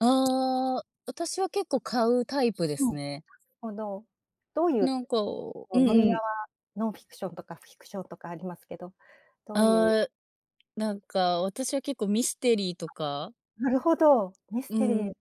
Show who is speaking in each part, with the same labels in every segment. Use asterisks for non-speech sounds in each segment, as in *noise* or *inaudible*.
Speaker 1: ああ、私は結構買うタイプ
Speaker 2: うん、
Speaker 1: です
Speaker 2: *unintelligible*
Speaker 1: ね。
Speaker 2: ほど、どういう
Speaker 1: なんかう
Speaker 2: こう
Speaker 1: ん
Speaker 2: 分野
Speaker 1: うん。
Speaker 2: は、ノンフィクションとかフィクションとかありますけど、どういう
Speaker 1: ああなんか私は結構ミステリーとか
Speaker 2: なるほど。ミス
Speaker 1: う
Speaker 2: テリー。
Speaker 1: ん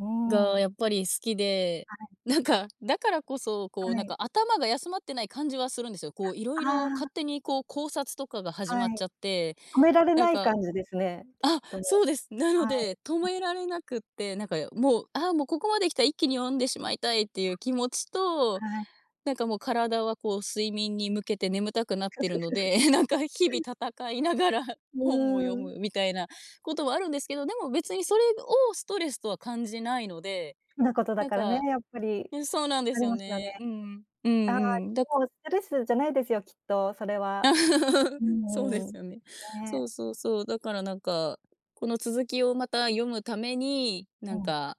Speaker 2: うん。は
Speaker 1: が、
Speaker 2: い、
Speaker 1: やっぱり好きで
Speaker 2: はい。
Speaker 1: なんかだからこそ、
Speaker 2: は
Speaker 1: こうなん
Speaker 2: い。
Speaker 1: か頭が休まってない感じはするんですよ。こう、色
Speaker 2: あ
Speaker 1: 々勝
Speaker 2: あ。
Speaker 1: 手にこう、考察とかが始
Speaker 2: は
Speaker 1: まっ
Speaker 2: い、
Speaker 1: ちゃって、
Speaker 2: 止められ
Speaker 1: なん
Speaker 2: ない
Speaker 1: か
Speaker 2: 感じですね、きっ
Speaker 1: あ、
Speaker 2: と。
Speaker 1: そうです。なの
Speaker 2: はい、
Speaker 1: で、止
Speaker 2: う
Speaker 1: め
Speaker 2: ん。
Speaker 1: られなくて、なんかもう「ああ、もうここまで来たら一気に読んでしまいたい」っていう気持ちと、
Speaker 2: はい。
Speaker 1: なんかもう体はこう睡眠に向けて眠たくなってるの
Speaker 2: *chuckles*
Speaker 1: で、なんか日々戦いながら、
Speaker 2: う
Speaker 1: 本を読
Speaker 2: ーん。
Speaker 1: むみたいなこともあるんですけど、でも別にそれをストレスとは感じないので、
Speaker 2: 好きなことだ
Speaker 1: なん
Speaker 2: からね、
Speaker 1: か
Speaker 2: やっぱり、
Speaker 1: うん、そうなんで
Speaker 2: あ
Speaker 1: す
Speaker 2: り
Speaker 1: よ
Speaker 2: ますよね。
Speaker 1: ね、うんうん、う
Speaker 2: ああ、
Speaker 1: んうん、だか
Speaker 2: もう、
Speaker 1: ら
Speaker 2: ストレスじゃないですよ、きっとそれは。うー
Speaker 1: *laughs* そうで
Speaker 2: ん、
Speaker 1: すよね。そう
Speaker 2: ね。
Speaker 1: そうそう、だからなんか、この続きをまた読むために、
Speaker 2: う
Speaker 1: なん
Speaker 2: ん。
Speaker 1: か。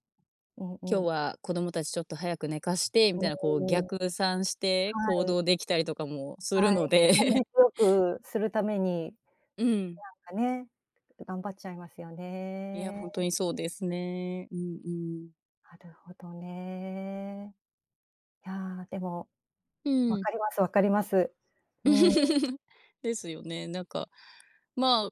Speaker 2: う
Speaker 1: 今
Speaker 2: ん
Speaker 1: 日
Speaker 2: うん。
Speaker 1: は子供たちちょっと早く寝かして、み
Speaker 2: う
Speaker 1: たいなこう、
Speaker 2: ーん。
Speaker 1: 逆算して行
Speaker 2: はい。
Speaker 1: 動できたりとかもする
Speaker 2: はい、
Speaker 1: の
Speaker 2: 効率
Speaker 1: で *laughs*
Speaker 2: よくするために、
Speaker 1: うん。
Speaker 2: なんかね、頑張っちゃいますよ
Speaker 1: いや、ほ
Speaker 2: ね。
Speaker 1: んとにそうですね。うんうん。
Speaker 2: あるほどね。いや、でも、
Speaker 1: う
Speaker 2: わ
Speaker 1: ん。
Speaker 2: かりますわかります。うん。
Speaker 1: *chuckles* ですよね、なんか、ま、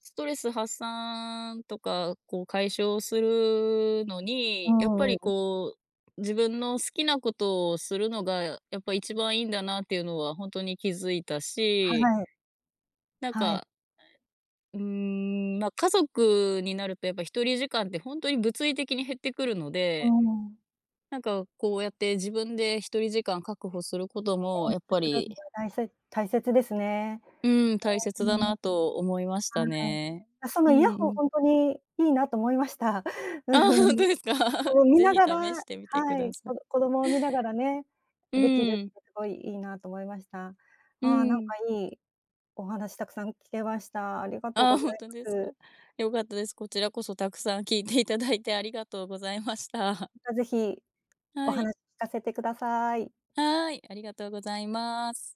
Speaker 1: ストレス発散とか、こう解消するの
Speaker 2: う
Speaker 1: に、やっぱ
Speaker 2: んうんう
Speaker 1: り
Speaker 2: ん。
Speaker 1: こう、自分の好きなことをするのが、やっぱ一番いいんだなっていうのはほんとに気づいた
Speaker 2: は
Speaker 1: し
Speaker 2: い。
Speaker 1: なん
Speaker 2: はい。
Speaker 1: か。あ、え、うーん、ま、家族になると、やっぱ一人時間って本当に物理的に減ってくるの
Speaker 2: う
Speaker 1: で。
Speaker 2: ん。
Speaker 1: なんか、こうやって自分で一人時間確保すること
Speaker 2: え
Speaker 1: も、
Speaker 2: え、
Speaker 1: やっぱ
Speaker 2: すすろ
Speaker 1: り
Speaker 2: んは、たいせ大切ですね。
Speaker 1: うん、大
Speaker 2: う
Speaker 1: 切
Speaker 2: ん、
Speaker 1: だ
Speaker 2: うん。は
Speaker 1: なと思いました
Speaker 2: い、
Speaker 1: ね。
Speaker 2: あ、その
Speaker 1: うん
Speaker 2: イヤ
Speaker 1: う
Speaker 2: ホンほん
Speaker 1: ん。
Speaker 2: とにいいなと思いました。
Speaker 1: あ
Speaker 2: う
Speaker 1: あ、
Speaker 2: ふん、
Speaker 1: 本
Speaker 2: ぎ
Speaker 1: 当ですか？
Speaker 2: そう
Speaker 1: *laughs*
Speaker 2: 見
Speaker 1: ぜ
Speaker 2: な
Speaker 1: ひ
Speaker 2: がら
Speaker 1: 試してみてく
Speaker 2: は
Speaker 1: だ
Speaker 2: い、
Speaker 1: さ
Speaker 2: こ
Speaker 1: い。
Speaker 2: ど子供を見ながらね、
Speaker 1: う
Speaker 2: できる
Speaker 1: ん。
Speaker 2: ってすごいいいなと思いました。ああ、
Speaker 1: う
Speaker 2: なんか
Speaker 1: ん。
Speaker 2: いい、お話たくさん聞けました。ありがとう
Speaker 1: ああ、
Speaker 2: ござ
Speaker 1: ほん
Speaker 2: い
Speaker 1: と
Speaker 2: ま
Speaker 1: ですか、
Speaker 2: す。
Speaker 1: よかったです。こちらこそたくさん聞いていただいてありがとうございました。
Speaker 2: また、ぜひ、お
Speaker 1: はい。
Speaker 2: 話聞かせてください。
Speaker 1: はい、ありがとうございます。